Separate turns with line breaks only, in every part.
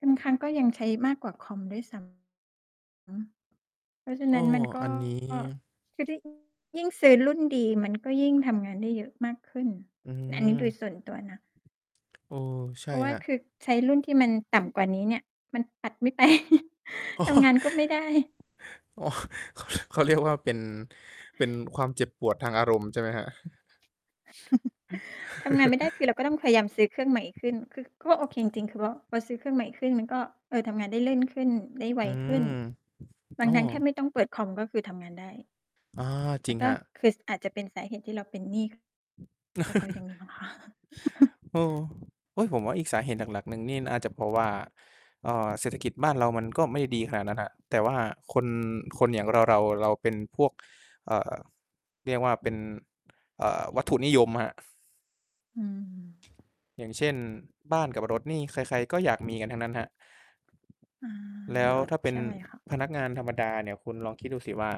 บางครั้งก็ยังใช้มากกว่าคอมด้วย ซ้ำ อือฮึ เพราะฉะ
โอ
น
้
ั้น มัน ก
อ
็
ันนี้
คือถ้า ยิ่งซื้อรุ่นดี มันก็ยิ่งทำงานได้เยอะมากขึ้น
อื
อั
ม
นนี้โดยส่วนตัวนะ
เออ ใช่
เพราะว่
ค
า
รั
ค
บ
ือใช้รุ่นที่มันต่ำกว่านี้เนี่ย มันตัดไม่ ไป
อ๋อ
ทำงานก็ไม่ได้
อ๋อ เขาเรียก เขาเรียกว่า เป็น เป็นความเจ็บปวดทางอารมณ์ใช่ไหมครับ?
ทำงานไม่ได้ คือเราก็ต้องพยายามซื้อเครื่องใหม่ขึ้น คือ ก็โอเคจริง ๆ คือว่าพอซื้อเครื่องใหม่ขึ้น มันก็ เอ่อ ทำงานได้เล่นขึ้น ได้ไว
อื
ขึ้น
ม
วั
โอ
น
้
นั้นแทบไม่ต้องเปิดคอม ก็คือทำงานได้
อ้อ จ
แ
ร
ล้
ิง
วก
ค
็
รับ
คือ ส อาจจะเป็นสาเหตุที่เราเป็นหนี้ ค ก็เพราะอย่างงี้เปล่าวะ
โอ้ โอ๊ย! ผมว่าอีกสาเหตุหลัก ๆ หนึ่งนี่น่าจะเพราะว่า เอ่อ เศรษฐกิจบ้านเรามันก็ไม่ได้ดีขนาดนั้นครับ แต่ว่าคน คนอย่างเรา ๆ เราเป็นพวก เอ่อ เรียกว่าเป็น เอ่อ วัตถุนิยมครับ
อืม
อย่างเช่น บ้านกับรถนี่ใคร ๆ ก็อยาก มีกันทั้งนั้นครับ
อา
แล้ว
รถ
ถ้าเป็
ใช
น
่ค่ะ
พนักงานธรรมดาเนี่ย คุณลองคิดดูสิว่า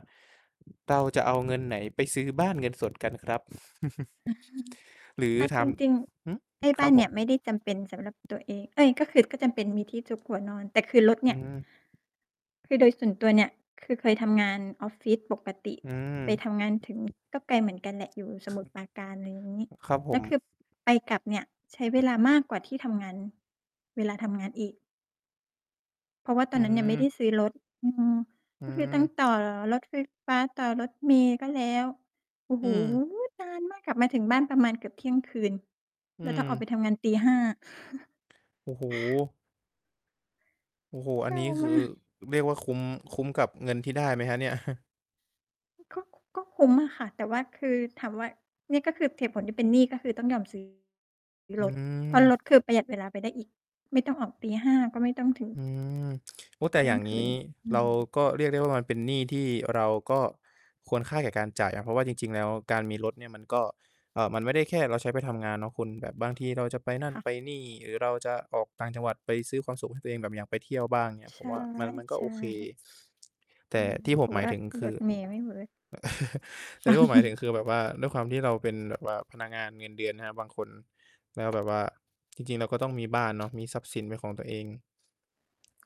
เราจะเอาเงินไหนไปซื้อบ้านเงินสดกันครับ? หรือ
เอา
ท
จริง
ำ ฮึ?
ๆ ไอ้บ
คร
้า
ับ
น
ผ
เนี่
ม
ยไม่ได้จำเป็นสำหรับตัวเอง เอ๊ย! ก็คือ ก็จำเป็น มีที่ซุกหัวนอน แต่คือรถเน
อ
ี
ื
่
อ
ย คือโดยส่วนตัวเนี่ย คือเคยทำงานออฟฟิศปกติ
อืม
ไปทำงานถึง ก็ไกลเหมือนกันแหละ อยู่สมุทรปราการ อะไรอย่างงี้
ครับผ
แล้วคื
ม
อไปกลับเนี่ย ใช้เวลามากกว่าที่ทำงาน เวลาทำงานอีก เพราะว่าตอ
อื
นนั้นยังไม่ได้
ม
ซื้อรถ อืม
อื
ก็คือต้อง
ม
ต่อรถไฟฟ้า ต่อรถเมล์ก็แล้ว โอ้โ
อ
ฮ
ืม
นานมาก กลับมาถึงบ้านประมาณเกือบ 00:00
อื
แล้วต้องออกไป
ม
ทำงาน 05:00
โอ้โฮ โอ้โฮ อ
เศ
ั
ร
น
้
น
า
ี้ค
ม
ือ
าก
เรียกว่าคุ้ม คุ้มกับเงินที่ได้ไหมครับเนี่ย?
ก็ ก็คุ้มอะค่ะ แต่ว่า คือถามว่า นี่ก็คือเหตุผล ที่เป็นหนี้ก็คือต้องยอม ซื้อ
อ
ร
ื
ถ เพรา
ม
ะรถคือประหยัดเวลาไปได้อีก ไม่ต้องออก 05:00 ก็ไม่ต้องถึง
อืม โอ้ แต
เ
่
ที่
อ
ย
ย่
ง
าง
ค
ง
ื
ี
น
้
อื
เรา
ม
ก็เรียกได้ว่า มันเป็นหนี้ที่เราก็ควรค่าแก่การจ่ายครับ เพราะว่าจริง ๆ แล้วการมีรถเนี่ยมันก็ เอ่อ มันไม่ได้แค่เราใช้ไปทำงานเนาะคุณ แบบบางทีเราจะไปนั่
ค
น
่ะ
ไปนี่ หรือเราจะออกต่างจังหวัดไปซื้อความสุขให้ตัวเอง แบบอย่างไปเที่ยวบ้างเงี้ย
ใช
ผม
่
ว่ามัน มันก
ใ
็
ช
โอเค
่
แ
ใ
ต
ช
่
่
ที่
เ
ผ
พร
ม
าะ
หม
ว
าย
่า
ถึงค
ร
ื
ถ
อ
เมล์ไม่เวิร์ก
แต่ที่ว่าหมายถึงคือแบบว่า ด้วยความที่เราเป็นแบบว่าพนักงานเงินเดือนนะครับ บางคน แล้วแบบว่า จริง ๆ เราก็ต้องมีบ้านเนาะ มีทรัพย์สินเป็นของตัวเอง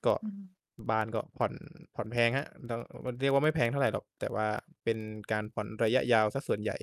ก็
อืม
บ้านก็ผ่อน ผ่อนแพงครับ ร เรียกว่าไม่แพงเท่าไรหรอก แต่ว่าเป็นการผ่อนระยะยาวเสียส่วนใหญ่